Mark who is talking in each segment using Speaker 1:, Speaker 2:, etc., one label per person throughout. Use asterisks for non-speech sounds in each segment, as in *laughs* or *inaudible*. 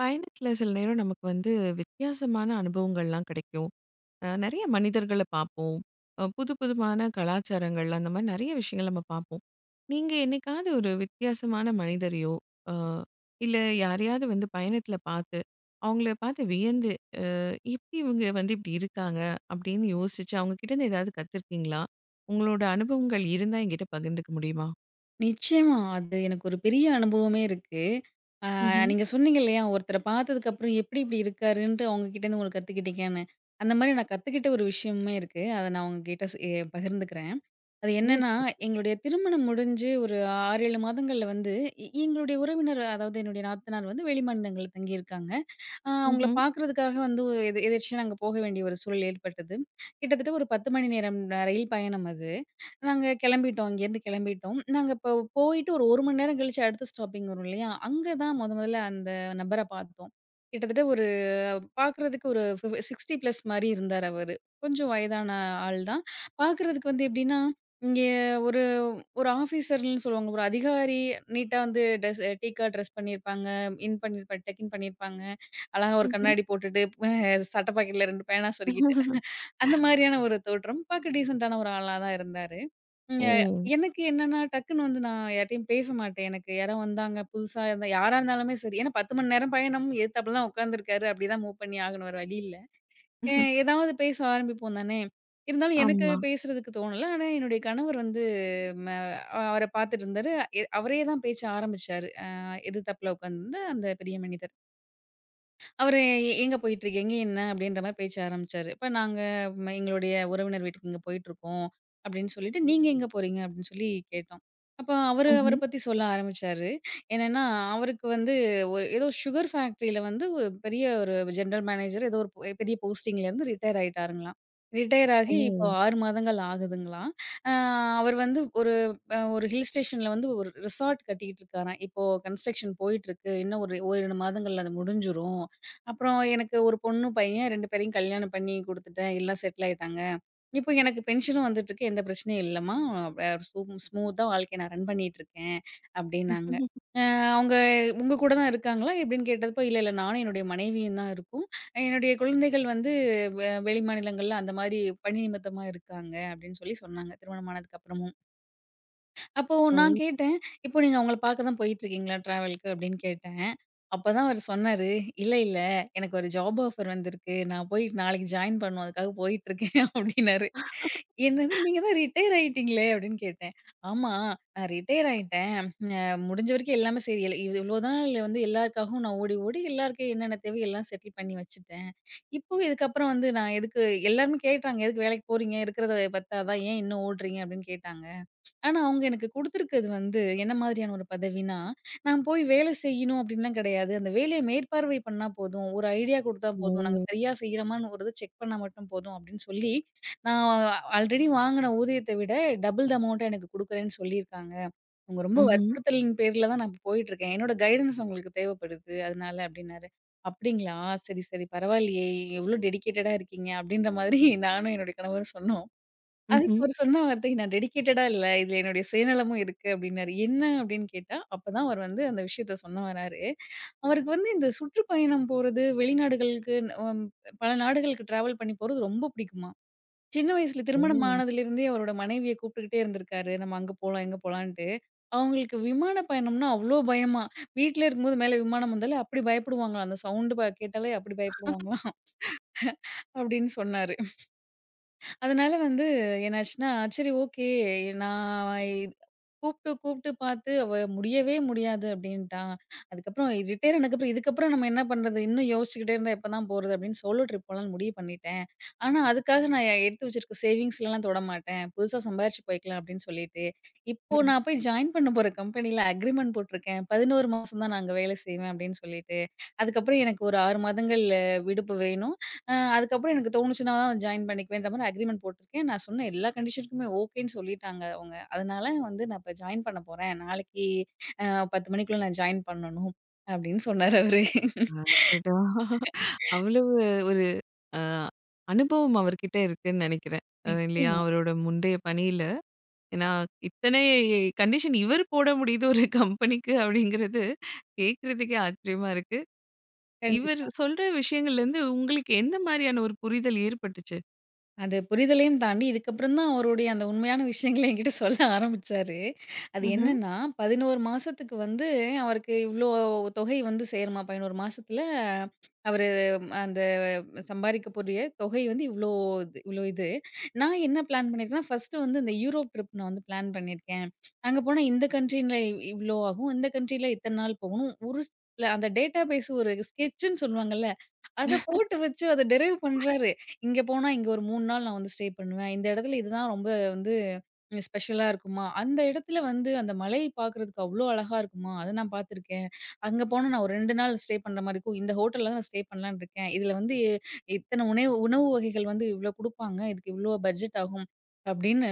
Speaker 1: பயணத்தில சில நேரம் நமக்கு வந்து வித்தியாசமான அனுபவங்கள்லாம் கிடைக்கும். அ நெறைய மனிதர்கள பாப்போம். அ புதுப்புதுமான கலாச்சாரங்கள்லாம். அந்த மாரி நெறைய விஷயங்கள் நம்ம பாப்போம். நீங்க என்னைக்காவது ஒரு வித்தியாசமான மனிதரையோ, அ இல்ல யாரையாவது வந்து பயணத்தில பாத்து, அவுங்கள பாத்து வியந்து "அ இபடி இவுங்க வந்து இப்டி இருக்காங்க?" அப்படின்னு யோசிச்சு, அவுங்க கிட்டேருந்து ஏதாவது கத்துருக்கீங்களா? உங்களோட அனுபவங்கள் இருந்தா என்கிட்ட பகிர்ந்துக்க முடியுமா?
Speaker 2: நிச்சயமா. அது எனக்கு ஒரு பெரிய அனுபவமே இருக்கு. அ
Speaker 1: ம்ஹ்ம்.
Speaker 2: நீங்க சொன்னீங்க இல்லையா? ஒருத்தர பாத்ததுக்கப்பறம் எப்டி இப்டி இருக்காருன்ட்டு, அவுங்க கிட்டேந்து உங்களுக்கு கத்துக்கிட்டீங்கன்னு. அந்த மாரி நான் கத்துக்கிட்ட ஒரு விஷயமுமே இருக்கு. அத நான் உங்ககிட்ட எ பகிர்ந்துக்கிறேன். அது
Speaker 1: ஓ!
Speaker 2: என்னான்னா,
Speaker 1: சிறப்பு.
Speaker 2: எங்களுடைய திருமணம் முடிஞ்சு ஒரு 6, 7 மாதங்கள்ல வந்து இ எங்களுடைய உறவினர் அதாவது என்னுடைய நாத்தனார் வந்து வெளி மாநிலங்கள்ல தங்கியிருக்காங்க. அ அவுங்கள
Speaker 1: ம்ஹ்ம்.
Speaker 2: பாக்குறதுக்காக வந்து, ஒ எதேர்ச்சியா நாங்க போக வேண்டிய ஒரு சூழல் ஏற்பட்டது. கிட்டத்தட்ட ஒரு 10 மணி நேரம் ரயில் பயணம் அது. நாங்க கெளம்பிட்டோம், இங்கேருந்து கெளம்பிட்டோம். நாங்க இப்ப போயிட்டு ஒரு 1 மணி நேரம் கழிச்சு அடுத்த ஸ்டாப்பிங் வரும் இல்லையா? அங்க தான் மொத மொதல்ல அந்த நபர பாத்தோம். கிட்டத்தட்ட ஒரு பாக்குறதுக்கு ஒரு ஃபி 60 ப்ளஸ் மாரி இருந்தாரு அவரு. கொஞ்சம் வயதான ஆள் தான். பாக்குறதுக்கு வந்து எப்டின்னா, இங்கே ஒரு ஒரு ஆஃபீசர்ன்னு சொல்லுவாங்க. ஒரு அதிகாரி நீட்டா வந்து ட்ரெஸ் டீக்கா ட்ரெஸ் பண்ணியிருப்பாங்க, இன் பண்ணியிருப்பார், டக்கின் பண்ணியிருப்பாங்க. அழகா ஒரு
Speaker 1: ம்ஹ்ம்.
Speaker 2: கண்ணாடி போட்டுட்டு, ப சட்ட பாக்கெட்ல 2 பேனா சொருகிட்டு. *chuckles* அந்த
Speaker 1: *laughs*
Speaker 2: மாரியான ஒரு தோற்றம். பாக்க டீசென்ட்டான ஒரு ஆளா தான் இருந்தாரு. இங்க
Speaker 1: ம்.
Speaker 2: எனக்கு என்னென்னா, டக்குனு வந்து நான் யார்ட்டேயும் பேசமாட்டேன். எனக்கு யாரோ வந்தாங்க, புதுசா இருந்தா, யாரா இருந்தாலுமே சரி. ஏன்னா 10 மணி நேரம் பயணம். எதிர்த்தாப்ல தான் உட்காந்துருக்காரு. அப்படிதான் மூவ் பண்ணி ஆகணும். வேற வழி இல்ல. எ
Speaker 1: *chuckles*
Speaker 2: எதாவது பேச ஆரம்பிப்போம் தானே. இருந்தாலும் எனக்கு
Speaker 1: ஆமா.
Speaker 2: பேசுறதுக்கு தோணல. ஆனா என்னுடைய கணவர் வந்து ம அவர பாத்துட்டு இருந்தாரு. எ அவரே தான் பேச்ச ஆரம்பிச்சாரு. அ எதுதாப்பில உட்காந்துருந்த அந்த பெரிய மனிதர். அவரு, எங்க போயிட்டுருக்கீங்க என்ன? அப்படின்ற மாரி பேச்ச ஆரம்பிச்சாரு. இப்ப நாங்க, எங்களுடைய உறவினர் வீட்டுக்கு இங்க போயிட்டுருக்கோம். அப்படின்னு சொல்லிட்டு, நீங்க எங்க போறீங்க? அப்படின்னு சொல்லி கேட்டோம். அப்போ அவரு அவர
Speaker 1: ம்ஹ்ம்.
Speaker 2: பத்தி சொல்ல ஆரம்பிச்சாரு. என்னென்னா அவருக்கு வந்து ஒரு ஏதோ, சுகர் ஃபேக்ட்ரில வந்து ஒரு பெரிய ஒரு ஜென்ட்ரல் மேனேஜர் ஏதோ, ஒரு பெரிய போஸ்ட்டிங்கலேருந்து, ரிட்டயர் ஆயிட்டாருங்களாம். ரிட்டயர் ஆகி இப்போ
Speaker 1: ஓ!
Speaker 2: 6 மாதங்கள் ஆகுதுங்களாம். அ அவரு வந்து ஒரு ஒரு ஹில் ஸ்டேஷன்ல வந்து ஒரு ரிசார்ட் கட்டிக்கிட்டு இருக்காராம். இப்போ கன்ஸ்ட்ரக்ஷன் போயிட்டிருக்கு, இன்னும் ஒரு ஓர் இரு மாதங்ள்ல அது முடிஞ்ரும். அப்புறம், எனக்கு ஒரு பொண்ணு, பையன் 2 பேரையும், கல்யாணம் பண்ணி குடுத்துட்டேன். எல்லா செட்டில் ஆய்ட்டாங்க. இப்ப எனக்கு பென்ஷனும் வந்துட்டுருக்கு. எந்த பிரச்சனையும் இல்லம்மா, ஸ்மூ ஸ்மூத்தா வாழ்க்கைய நான் ரன் பண்ணிட்ருக்கேன். அப்டின்னாங்க
Speaker 1: *laughs*
Speaker 2: ஆ அவுங்க உங்க கூட தான் இருக்காங்களா? எப்டின்னு கேட்டப்ப இல்லல்ல, நானும் என்னுடைய மனைவியும் தான் இருக்கோம். என்னுடைய குழந்தைகள் வந்து, வெ வெளி மாநிலங்கள்ல, அந்தமாரி பணி நிமித்தமா இருக்காங்க. அப்படின்னு சொல்லி சொன்னாங்க. திருமணம் ஆனதுக்கு அப்புறமும். அப்போ,
Speaker 1: ஓ!
Speaker 2: நா கேட்டேன். இப்போ நீங்க அவங்கள பாக்க தான் போயிட்டுருக்கீங்களா? ட்ராவலுக்கு, அப்படின்னு கேட்டேன். அப்பதான் அவரு சொன்னாரு, இல்ல, இல்ல, எனக்கு ஒரு ஜாப் ஆஃபர் வந்துருக்கு. நா போய் நாளைக்கு ஜாயின் பண்ணணும். அதுக்காக போயிட்டுருக்கேன் அப்டின்னாரு. என்னது,
Speaker 1: *laughs*
Speaker 2: நீங்க தான் ரிட்டயர் ஆயிட்டீங்களே அப்படின்னு கேட்டேன். ஆமா நா ரிட்டயர் ஆயிட்டேன். அ முடிஞ்ச வரைக்கும், எல்லாமே சரி இல்ல, இவ்ளோ நாள் வந்து, எல்லாருக்காகவும் நான், ஓடி ஓடி எல்லாருக்கும் என்னென்ன தேவையோ, எல்லாம் செட்டில் பண்ணி வச்சுட்டேன். இப்போ இதுக்கப்புறம் வந்து நா எதுக்கு எல்லாருமே கேட்டாங்க. எதுக்கு வேலைக்கு போறீங்க? இருக்றத பத்தாதா, ஏன் இன்னும் ஓடுறீங்க? அப்படின்னு கேட்டாங்க. ஆனா அவுங்க எனக்கு குடுத்துருக்கிறது வந்து, என்ன மாரியான ஒரு பதவினா, நா போய் வேலை செய்யணும் அப்படின்லாம் கிடையாது. அந்த வேலைய மேற்பார்வை பண்ணா போதும். ஒரு ஐடியா குடுத்தா போதும். நாங்க
Speaker 1: ஓ!
Speaker 2: சரியா செய்றோமான்னு, ஒரு இத செக் பண்ணா மட்டும் போதும். அப்படின்னு சொல்லி, நா ஆல்ரெடி வாங்குன ஊதியத்த விட, டபுள் த அமௌண்ட்ட எனக்கு குடுக்குறேன்னு, சொல்லியிருக்காங்க. உங்க ரொம்ப
Speaker 1: ம்ஹ்ம்.
Speaker 2: வற்புறுத்தலின் பேர்ல தான் நான் இப்போ போயிட்டுருக்கேன் என்னோட கைடன்ஸ் உங்களுக்கு தேவைப்படுது அதனால அப்படின்னாரு. அப்படிங்களா! சரி, சரி, பரவாயில்லையே! எவ்ளோ டெடிகேட்டடா இருக்கீங்க! அப்படின்ற மாரி *chuckles* நானும் என்னுடைய கணவரும் சொன்னோம்.
Speaker 1: ம்ஹ்ம்.
Speaker 2: அதுக்கு அவரு சொன்ன வார்த்தை, நா டெடிகேட்டடா இல்ல, இதுல என்னுடைய சுயநலமும் இருக்கு. அப்படின்னாரு. என்ன? அப்டின்னு கேட்டா அப்ப தான் அவர் வந்து அந்த விஷயத்த சொல்ல வராரு, அவருக்கு வந்து இந்த சுற்றுப்பயணம் போறது வெளிநாடுகளுக்கு பல நாடுகளுக்கு ட்ராவல் பண்ணி போறது ரொம்ப புடிக்குமா. சின்ன வயசுல திருமணம்
Speaker 1: ஓ!
Speaker 2: ஆனதிலிருந்தே அவரோட மனைவிய கூப்ட்டுக்ட்டே இருந்திருக்காரு. நம்ம அங்க போலாம், இங்க போலான்ட்டு. அவங்களுக்கு விமான பயணம்னா அவ்ளோ பயமா. வீட்ல இருக்கும்போது மேல விமானம் வந்தாலே அப்டி பயப்டுவாங்களாம் அந்த சவுண்டு கேட்டாலே அப்டி பயப்டுவாங்களாம்.
Speaker 1: *laughs*
Speaker 2: *laughs* அப்டின்னு சொன்னாரு அதனால வந்து என்னாச்சுன்னா, சரி ஓகே நா கூப்ட்டு இத் கூப்ட்டு பாத்து அவ முடியவே முடியாது அப்டின்ட்டா. அதுக்கப்புறம் ரிட்டயர் ஆனதுக்கு அப்புறம், இதுக்கப்புறம் நம்ம என்ன பண்றது? இன்னும் யோஷ்ச்சுக்கிட்டே இருந்தா எப்போ தான் போறது? அப்டின்னு சோலோ ட்ரிப் போலான்னு முடிவு பண்ணிட்டேன். ஆனா அதுக்காக நா எடுத்து வச்சுருக்க சேவிங்ஸ்லலாம் தொடமாட்டேன். புதுசா சம்பாரிச்சு போய்க்கலாம் அப்படின்னு சொல்லிட்டு, இப்போ
Speaker 1: ம்.
Speaker 2: நா போய் ஜாயின் பண்ண போற கம்பெனில அக்ரீமெண்ட் போட்ருக்கேன். 11 மாசம் தான் நான் அங்க வேல செய்வேன் அப்டின்னு சொல்லிட்டு. அதுக்கப்புறம் எனக்கு ஒரு 6 மாதங்கள் விடுப்பு வேணும். அ அதுக்கப்புறம் எனக்கு தோணுச்சுனா ஜாயின் பண்ணிக்குவேன்ற மாரி அக்ரீமெண்ட் போட்ருக்கேன். நா சொன்ன எல்லா கண்டிஷனுக்குமே ஓகேன்னு சொல்லிட்டாங்க அவுங்க. அதனால வந்து நா இப்போ ஜாயின் பண்ண போறேன். நாளைக்கு அ 10 மணிக்குள்ள நா ஜாயின் பண்ணணும். அப்டின்னு சொன்னார் அவரு.
Speaker 1: அடடா!
Speaker 2: *laughs*
Speaker 1: அவ்வளவு ஒரு அ அனுபவம் அவர்கிட்ட இருக்குன்னு நினைக்கிறேன். அ இல்லையா,
Speaker 2: நிச்சயமா.
Speaker 1: அவரோட முந்தைய பணியில ஏனா, இத்தனை கண்டிஷன் இவர் போட முடியுது ஒரு கம்பெனிக்கு அப்படிங்கிறது, கேக்றதுக்கே ஆச்சரியமா இருக்கு. இவரு
Speaker 2: கண்டிப்பா.
Speaker 1: சொல்ற விஷயங்கள்லருந்து உங்களுக்கு எந்த மாரியான ஒரு புரிதல் ஏற்பட்டுச்சு?
Speaker 2: அது, புரிதலையும் தாண்டி இதுக்கப்பறந்தான் அவருடைய அந்த உண்மையான விஷயங்கள என்கிட்ட சொல்ல ஆரம்பிச்சாரு. அது
Speaker 1: ம்ஹ்ம்.
Speaker 2: என்னன்னா, 11 மாசத்துக்கு வந்து, அவருக்கு இவ்ளோ வ் தொகை வந்து சேருமா! 11 மாசத்தில அவரு அந்த சம்பாரிக்க கூடிய தொகைய வந்து இவ்ளோ து இவ்ளோ இது. "நான் என்ன பிளான் பண்ணியிருக்கேன்னா, ஃபர்ஸ்ட்டு வந்து இந்த யூரோப் ட்ரிப், நான் வந்து பிளான் பண்ணியிருக்கேன். அங்க போனா இந்த கண்ட்ரில இவ் இவ்ளோ ஆகும். இந்த கண்ட்ரில இத்தன நாள் போகணும்." ஒரு *unintelligible* அந்த டேட்டாபேஸ் ஒரு ஸ்கெச்சுன்னு சொல்லுவாங்கள்ல, அத
Speaker 1: *laughs*
Speaker 2: போட்டு வச்சு, அத டிரைவ் பண்றாரு. "இங்க போனா, இங்க ஒரு 3 நாள் நான் வந்து ஸ்டே பண்ணுவேன். இந்த இடத்துல இதுதான் ரொம்ப வந்து ஸ்பெஷலா இருக்குமா! அந்த இடத்தில வந்து அந்த மலைய பார்க்கறதுக்கு அவ்ளோ அழகா இருக்குமா! அதை நான் பார்த்துருக்கேன். அங்க போனா நான் ஒரு 2 நாள் ஸ்டே பண்ற மாரி இருக்கும். இந்த ஹோட்டல்ல தான் நான் ஸ்டே பண்ணலான்னு இருக்கேன். இதுல வந்து இத்தனை உணைவு உணவு வகைகள் வந்து இவ்ளோ குடுப்பாங்க. இதுக்கு இவ்ளோ பட்ஜெட் ஆகும்." அப்படின்னு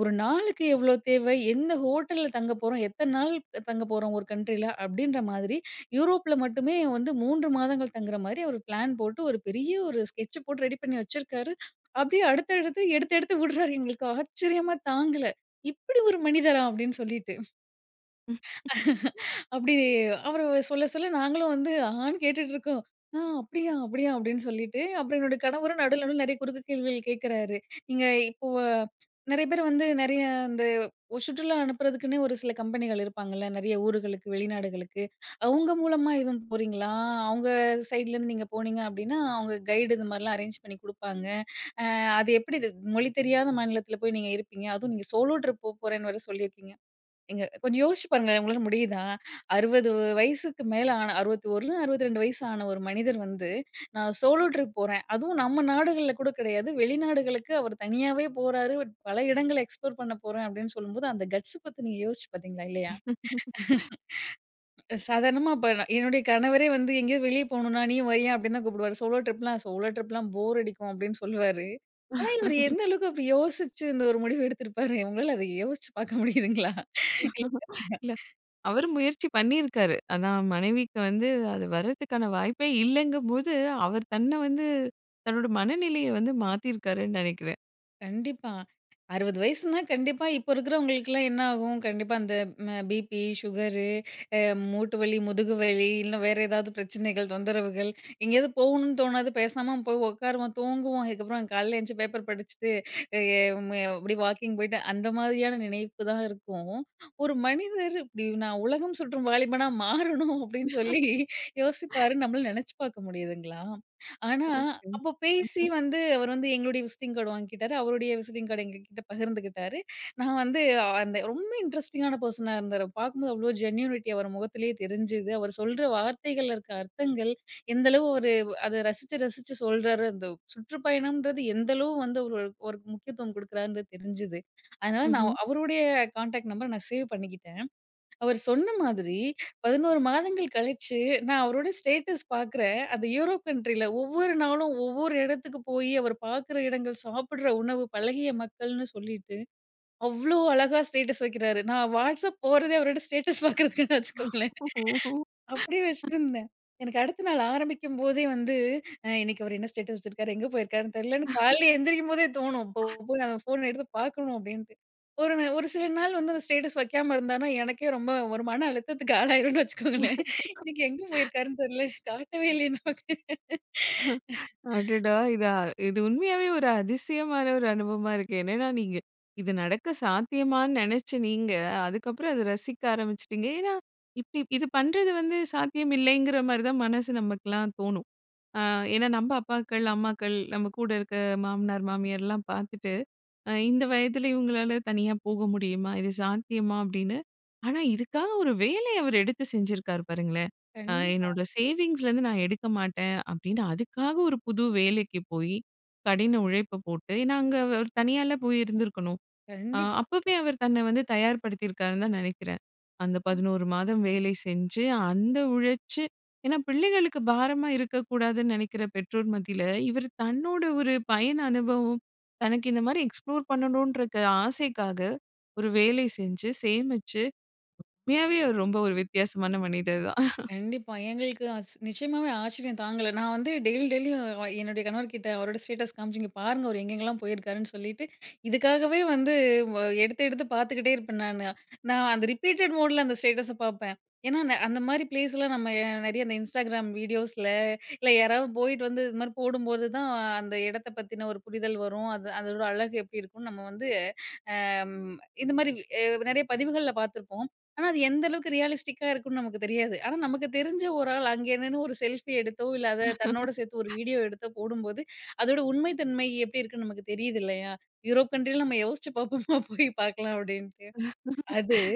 Speaker 2: ஒரு நாளுக்கு எவ்ளோ தேவை, எந்த ஹோட்டல்ல தங்கப் போறோம், எத்தன நாள் தங்கப் போறோம், ஒரு கண்ட்ரில. அப்படின்ற மாரி யூரோப்புல மட்டுமே வந்து 3 மாதங்கள் தங்கற மாரி, அவர் பிளான் போட்டு ஒரு பெரிய ஒரு ஸ்கெட்ச் போட்டு ரெடி பண்ணி வச்சிருக்காரு. அப்படியே அடுத்தடுத்து எடுத்து எடுத்து விடுறாரு. எங்களுக்கு ஆச்சரியமா! தாங்கல, "இப்படி ஒரு மனிதரா!" அப்படின்னு சொல்லிட்டு. *laughs*
Speaker 1: *laughs*
Speaker 2: அப்படி அவரு சொல்ல சொல்ல நாங்களும் வந்து, ஆஹான்னு கேட்டுட்டு இருக்கோம். "ஆ. அப்படியா, அப்படியா!" அப்படின்னு சொல்லிட்டு. அப்புறம் என்னோட கணவரும் நடுவுல நடுவுல நிறைய குறுக்கு கேள்விகள் கேட்கறாரு. "நீங்க இப்போ நிறைய பேர் வந்து நிறைய இந்த ஒரு சுற்றுலா அனுப்பறதுக்குன்னே ஒரு சில கம்பெனிகள் இருப்பாங்கள்ல, நிறைய ஊர்களுக்கு, வெளிநாடுகளுக்கு, அவங்க மூலமா எதும் போறீங்களா? அவங்க சைட்லேருந்து நீங்க போனீங்க அப்படின்னா, அவங்க கைடு இந்த மாரில்லாம் அரேஞ்ச் பண்ணி குடுப்பாங்க. அ அது எப்படி இது மொழி தெரியாத மாநிலத்தில போய் நீங்க இருப்பீங்க? அதுவும் நீங்க சோலோ ட்ரிப் போப்போறேன்னு வேற சொல்லியிருக்கீங்க." நீங்க கொஞ்சம் யோசிச்சு பாருங்களேன். உங்களால முடியுதா? 60 வயசுக்கு மேல ஆன 61, 62 வயசு ஆன ஒரு மனிதர் வந்து, "நான் சோலோ ட்ரிப் போறேன்." அதுவும் நம்ம நாடுகள்ல கூட கிடையாது. வெளிநாடுகளுக்கு அவர் தனியாவே போறாரு. "பல இடங்கள எக்ஸ்போர் பண்ண போறேன்." அப்படின்னு சொல்லும்போது அந்த கட்ஸ் பத்தி, நீங்க யோசிச்சு பார்த்தீங்களா, இல்லையா?
Speaker 1: *laughs*
Speaker 2: *laughs* சாதாரணமா இப்ப, என்னுடைய கணவரே வந்து எங்கயாது வெளிய போணும்னா, "நீயும் வரியா?" அப்படின்னு தான் கூப்பிடுவாரு. சோலோ ட்ரிப்ன்னா, "சோலோ ட்ரிப்ல்லாம் போர் அடிக்கும்." அப்படின்னு சொல்வாரு. ஆனா இவரு
Speaker 1: *laughs*
Speaker 2: எந்த அளவுக்கு அப்படி யோசிச்சு, இந்த ஒரு முடிவு எடுத்திருப்பாரு? உங்களால அத யோசிச்சு பார்க்க முடியுதுங்களா?
Speaker 1: *laughs* இல்ல.
Speaker 2: *unintelligible*
Speaker 1: அவரும் முயற்சி பண்ணியிருக்காரு. ஆனா மனைவிக்கு வந்து அது வரத்துக்கான வாய்ப்பே இல்லங்கும் போது, அவர் தன்ன வந்து தன்னோட மனநிலைய வந்து மாத்தியிருக்காருன்னு நினைக்கிறேன்.
Speaker 2: கண்டிப்பா, 60 வயசுனா, கண்டிப்பா இப்ப இருக்குறவங்களுக்கெல்லாம் என்ன ஆகும்? கண்டிப்பா, அந்த அ பிபி, சுகரு, அ மூட்டு வலி, முதுகு வலி இல்ல வேற ஏதாவது பிரச்சனைகள், தொந்தரவுகள். எங்கயாவது போகணும்னு தோணாது, பேசாம போய் உட்காருவோம் தூங்குவோம், அதுக்கப்பறம் காலைல எந்திருச்சு பேப்பர் படிச்சுட்டு, அ ம் அப்படி வாக்கிங் போய்ட்டு அந்த மாதிரியான நினைப்புதா இருக்கும். ஒரு மனிதர் இப்படி, "நான் உலகம் சுற்றும் வாலிபனா மாறணும்." அப்படி சொல்லி
Speaker 1: *laughs*
Speaker 2: யோசிப்பாருனு நம்மளால நெனச்சுப்பார்க்க முடியுதுங்களா? ஆனா அப்போ பேசி
Speaker 1: *unintelligible*
Speaker 2: வந்து அவர் வந்து எங்களுடைய விசிட்டிங் கார்டு வாங்கிக்கிட்டாரு. அவருடைய விசிட்டிங் கார்ட எங்க கிட்ட பகிர்ந்துக்கிட்டாரு. நான் வந்து அந்த ரொம்ப இன்ட்ரஸ்டிங்கான பர்சனா இருந்தாரு, பார்க்கும்போது அவ்ளோ ஜென்யூனிட்டி அவரு முகத்திலயே தெரிஞ்சுது. அவரு சொல்ற வார்த்தைகள்ல இருக்க அர்த்தங்கள், எந்தளவு ஒரு அத ரசிச்சு, ரசிச்சு சொல்றாரு. அந்த சுற்றுப்பயணம்ன்றது எந்த அளவு வந்து ஒ ஒரு முக்கியத்துவம் கொடுக்குறாருன்றது தெரிஞ்சுது. அதனால நான்
Speaker 1: ம்ஹ்ம்.
Speaker 2: அவருடைய கான்டாக்ட் நம்பர் நான் சேவ் பண்ணிக்கிட்டேன். அவர் சொன்ன மாதிரி 11 மாதங்கள் கழிச்சு, நான் அவருடைய ஸ்டேட்டஸ் பார்க்குறேன். அந்த யூரோப் கண்ட்ரில்ல ஒவ்வொரு நாளும், ஒவ்வொரு இடத்துக்கு போய் அவர் பார்க்கிற இடங்கள், சாப்புடுற உணவு, பழகிய மக்கள்ன்னு சொல்லிட்டு அவ்ளோ அழகா ஸ்டேட்டஸ் வைக்கிறாரு. நான் Whatsapp போறதே, அவரோட ஸ்டேட்டஸ் பார்க்கறதுக்குத்தான் வச்சுக்கோங்களேன்,
Speaker 1: ஓஹோ!
Speaker 2: அப்படியே
Speaker 1: *laughs*
Speaker 2: வச்சிட்டிருந்தேன். எனக்கு அடுத்த நாள் ஆரம்பிக்கும்போதே வந்து அ இன்னைக்கு அவர் என்ன ஸ்டேட்டஸ் வச்சிருக்காரு? எங்க போயிருக்காருன்னு தெரியலன்னு
Speaker 1: *chuckles*
Speaker 2: காலையில எந்திரிக்கும் போதே தோணும். இப்போ போய் அந்த ஃபோன் எடுத்து பார்க்கணும் அப்படின்ட்டு. ஒரு ஒரு சில நாள் வந்து அந்த ஸ்டேட்டஸ் வைக்காம இருந்தாருன்னா, எனக்கே ரொம்ப ஒரு மன அழுத்தத்துக்கு ஆளாகிருவேன்னு வச்சுக்கோங்களேன். இன்னைக்கு எங்க
Speaker 1: *laughs*
Speaker 2: போயிருக்காருன்னு தெரியல. காட்டவே இல்லையே நமக்கு.
Speaker 1: *chuckles* அடடா!
Speaker 2: *laughs*
Speaker 1: இதா இது உண்மையாவே ஒரு அதிசயமான ஒரு அனுபவமா இருக்கு. என்னன்னா நீங்க இது நடக்க சாத்தியமான்னு நெனச்ச நீங்க அதுக்கப்புறோம் அத ரசிக்க ஆரமிச்சூட்டீங்க. ஏன்னா இப் இ இது பண்றது வந்து சாத்தியம் இல்லைங்குற மாதிரி தான் மனசு நமக்கெல்லாம் தோன்னும். அ ஏன்னா நம்ம அப்பாக்கள், அம்மாக்கள், நம்ம கூட இருக்க மாமனார், மாமியார்லாம் பார்த்துட்டு இந்த வயதுல இவுங்களால தனியா போக முடியுமா, இது சாத்தியமா? அப்படீன்னு. ஆனா இதுக்காக ஒரு வேலைய அவர் எடுத்து செஞ்சிருக்காரு பாருங்களே. ஆ
Speaker 2: கண்டிப்பா.
Speaker 1: என்னோட சேவிங்ஸ்லிருந்து நான் எடுக்க மாட்டேன், அப்படீன்னு அதுக்காக ஒரு புது வேலைக்கு போய் கடின உழைப்ப போட்டு, ஏன்னா அங்க அவர் தனியால்லா போய் இருந்துருக்கணும். அ
Speaker 2: கண்டிப்பா.
Speaker 1: அப்பவே அவர் தன்ன வந்து தயார்படுத்திருக்காருன்னு தான் நெனக்கிறேன். அந்த
Speaker 2: அம்.
Speaker 1: 11 மாதம் வேலை செஞ்சு அந்த உழைச்சு ஏன்னா பிள்ளைகளுக்கு பாரமா இருக்கக்கூடாதுன்னு நெனக்கிற பெற்றோர் மத்தியில, இவர் தன்னோட ஒரு பயண அனுபவம், தனக்கு இந்த மாதிரி எக்ஸ்ப்ளோர் பண்ணணுன்ற ஆசைக்காக ஒரு வேலை செஞ்சு சேமிச்சு உண்மையாவே அவர் ரொம்ப ஒரு வித்தியாசமான மனிதர் தான்.
Speaker 2: கண்டிப்பா. எங்களுக்கு அஸ் நிச்சயமாவே ஆச்சரியம் தாங்கல. நான் வந்து டெய்லி, டெய்லியும் என்னுடைய கணவர் கிட்ட அவரோட ஸ்டேட்டஸ் காமிச்சு, இங்க பாருங்க அவர் எங்கெங்கெல்லாம் போயிருக்காருன்னு சொல்லிட்டு இதுக்காகவே வந்து வ எடுத்து எடுத்து பார்த்துக்கிட்டே இருப்பேன் நானு. நான் அந்த ரிப்பீட்டட் மோடுல அந்த ஸ்டேட்டஸ பார்ப்பேன். ஏன்னா ந அந்த மாதிரி ப்ளேஸ்லாம் நம்ம நெறைய இந்த Instagram வீடியோஸ்ல இல்ல யாராவது போயிட்டு வந்து இதுமாதிரி போடும்போதுதான் அந்த எடத்த பத்தின ஒரு புரிதல் வரும். அது அதோட அழகு எப்படி இருக்கும் நம்ம வந்து அ இந்த மாதிரி அ நெறைய பதிவுகள்ல பார்த்துருப்போம். ஆனா அது எந்த அளவுக்கு ரியலிஸ்டிக்கா இருக்கும்னு நமக்கு தெரியாது. ஆனா நமக்கு தெரிஞ்ச ஒரு ஆள் அங்க நின்னு ஒரு செல்ஃபி எடுத்தோ, இல்லா அத தன்னோடு சேர்த்து ஒரு
Speaker 1: *laughs*
Speaker 2: வீடியோ எடுத்தோ போடும்போது, அதோட உண்மை தன்மை எப்படி இருக்குன்னு நமக்கு தெரியுது இல்லையா? யூரோப் கண்ட்ரில நம்ம யோசிச்சு பார்ப்போமா? போய் பார்க்கலாம் அப்படின்ட்டு, அது
Speaker 1: *laughs*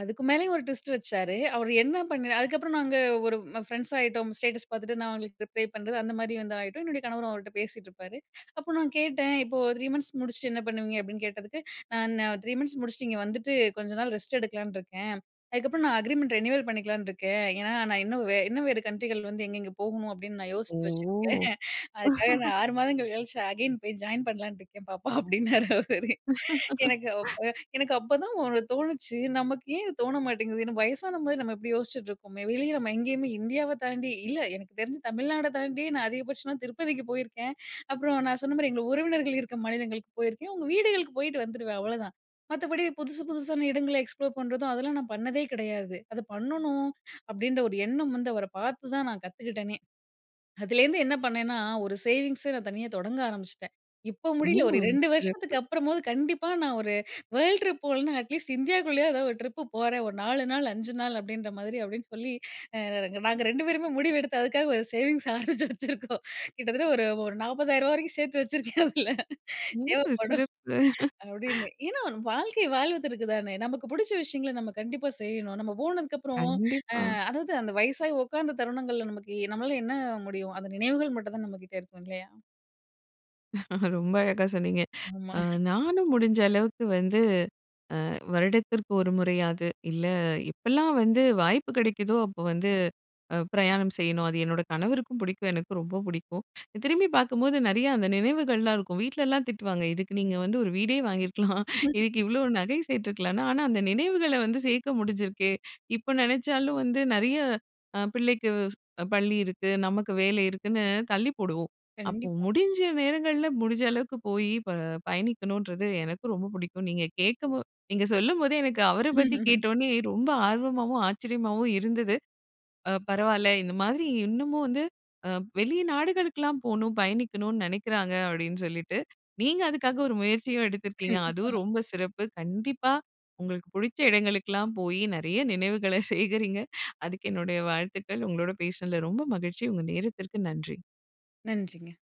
Speaker 2: அதுக்கு மேலேயும் ஒரு ட்விஸ்ட் வச்சாரு, அவர் என்ன பண்ணி அதுக்கப்பறம் நாங்க ஒரு ம் ஃப்ரெண்ட்ஸ் ஆயிட்டோம். ஸ்டேட்டஸ் பார்த்துட்டு நான் அவுங்களுக்கு ரிப்ளே பண்றது, அந்த மாதிரி வந்து ஆயிட்டோம். என்னுடைய கணவரும் அவர்கிட்ட பேசிட்டு இருப்பாரு, அப்போ நான் கேட்டேன், "இப்போ 3 மந்த்ஸ் முடிச்சுட்டு என்ன பண்ணுவீங்க?" அப்படீன்னு கேட்டதுக்கு, "நா நான் 3 மந்த்ஸ் முடிச்சுட்டு, இங்க வந்துட்டு கொஞ்ச நாள் ரெஸ்ட் எடுக்கலான்னு இருக்கேன், அதுக்கப்பறம் நான் அக்ரீமெண்ட் ரினுயூவல் பண்ணிக்கலாம்னு இருக்கேன், ஏன்னா நான் இன்னும் வே இன்னும் வேற கண்ட்ரிகள் வந்து எங்கெங்க போகணும் அப்படீன்னு நான்
Speaker 1: ஓ!
Speaker 2: யோசிச்சு வச்சிருக்கேன். அதுக்காக நான்
Speaker 1: *laughs*
Speaker 2: 6 மாதங்கள் கழிச்சு அகைன் போய் ஜாயின் பண்ணலாம்னு இருக்கேன் பாப்பா." அப்படின்னாரு அவர். எனக்கு
Speaker 1: *laughs*
Speaker 2: எனக்கு அப் அப்பதா ஒண்ணு தோணுச்சு, நமக்கு ஏன் இது தோண மாட்டேங்குது வயசானமாரி நம்ம இப்படி யோசிச்சிட்டு இருக்கோமே, வெளிய நம்ம எங்கயுமே இந்தியாவ தாண்டி இல்ல எனக்கு தெரிஞ்சு தமிழ்நாட தாண்டி நான் அதிகபட்சமா திருப்பதிக்கு போயிருக்கேன். அப்புறம் நான் சொன்ன மாரி எங்க உறவினர்கள் இருக்க மாநிலங்களுக்கு போயிருக்கேன். அவங்க வீடுகளுக்கு போயிட்டு வந்துடுவேன் அவ்வளோதா. மத்தப்படி புதுசு புதுசான இடங்கள்ல எக்ஸ்ப்ளோர் பண்றதும், அதெல்லா நான் பண்ணதே கிடையாது. அத பண்ணனும் அப்படின்ற ஒரு எண்ணம் வந்து அவர பார்த்துதா நான் கத்துக்கிட்டனே. அதுலேருந்து என்ன பண்ணேன்னா ஒரு சேவிங்ஸ நான் தனியா தொடங்க ஆரம்பிச்சுட்டேன். இப்போ முடியல. ஒரு
Speaker 1: ம்.
Speaker 2: 2 வருஷத்துக்கு
Speaker 1: சிறப்பு.
Speaker 2: அப்புறமாவது கண்டிப்பா நான் ஒரு வேர்ல்ட் ட்ரிப் போகலன்னா அட்லீஸ்ட் இந்தியாக்குள்ளயாவது ஒரு ட்ரிப் போறேன். ஒரு 4 நாள், 5 நாள் அப்படின்ற மாதிரி அப்படீன்னு சொல்லி அ நாங்க 2 பேருமே முடிவெடுத்து, அதுக்காக ஒரு சேவிங்ஸ் ஆரமிச்சு வச்சிருக்கோம். கிட்டத்தட்ட ஒரு ஒரு ரூ. 40,000 வரைக்கும் சேர்த்து வச்சிருக்கேன் அதுல.
Speaker 1: ஓ!
Speaker 2: தேவப்படும்
Speaker 1: சிறப்பு.
Speaker 2: அப்படீன்னு. ஏன்னா வாழ்க்கை வாழ்வதற்கு தானே நமக்கு புடுச்ச விஷயங்கள நம்ம கண்டிப்பா செய்யணும். நம்ம போனதுக்கப்புறம். அ
Speaker 1: கண்டிப்பா.
Speaker 2: அதாவது அந்த வயசாகி உட்காந்த தருணங்கள்ல நமக்கு நம்மளால என்ன முடியும் அந்த நினைவுகள் மட்டும் தான் நம்ம கிட்ட இருக்கும் இல்லையா?
Speaker 1: ரொம்ப அழகா சொன்னீங்க.
Speaker 2: ஆமா.
Speaker 1: அ
Speaker 2: *chuckles*
Speaker 1: நானும் முடிஞ்ச அளவுக்கு வந்து வருடத்திற்கு அ ஒரு முறையாவது இல்ல எப்பெல்லாம் வந்து வாய்ப்பு கிடைக்குதோ, அப்போ வந்து பிரயாணம் செய்யணும். அது என்னோட கணவருக்கும் புடிக்கும். எனக்கும் ரொம்ப புடிக்கும். திரும்பி பார்க்கும்போது நிறையா அந்த நினைவுகள்லாம் இருக்கும், வீட்லல்லாம் திட்டுவாங்க, "இதுக்கு நீங்க வந்து ஒரு வீடே வாங்கியிருக்கலாம். இதுக்கு
Speaker 2: *laughs*
Speaker 1: இவ்வளோ நகை சேத்துருக்கலாம்." ஆனா அந்த நினைவுகள வந்து சேர்க்க முடிஞ்சிருக்கே. இப்ப நெனச்சாலும் வந்து நெறய அ பிள்ளைக்கு ஸ் பள்ளி இருக்கு, நமக்கு வேலை இருக்குன்னு தள்ளி போடுவோம். அப்போ
Speaker 2: கண்டிப்பா.
Speaker 1: முடிஞ்ச நேரங்கள்ல முடிஞ்ச அளவுக்கு போய் ப பயணிக்கணுன்றது எனக்கும் ரொம்ப புடிக்கும். நீங்க கேட்க போ நீங்க சொல்லும்போதே எனக்கு அவர பத்தி கேட்ட
Speaker 2: *laughs*
Speaker 1: உடனே ரொம்ப ஆர்வமாவும், ஆச்சரியமாவும் இருந்தது. அ பரவால்ல இந்த மாதிரி இன்னமும் வந்து அ வெளி நாடுகளுக்கெல்லாம் போணும் பயணிக்கணும்னு நெனக்கிறாங்க, அப்படீன்னு சொல்லிட்டு. நீங்க அதுக்காக ஒரு முயற்சியும் எடுத்திருக்கீங்க,
Speaker 2: கண்டிப்பா.
Speaker 1: அதுவும் ரொம்ப சிறப்பு! கண்டிப்பா உங்களுக்கு புடிச்ச இடங்களுக்கெல்லாம் போயி நெறய நினைவுகள சேகரிங்க. அதுக்கு என்னுடைய வாழ்த்துக்கள். உங்களோட பேசினதுல ரொம்ப மகிழ்ச்சி! உங்கள் நேரத்திற்கு நன்றி.
Speaker 2: நன்றிங்க.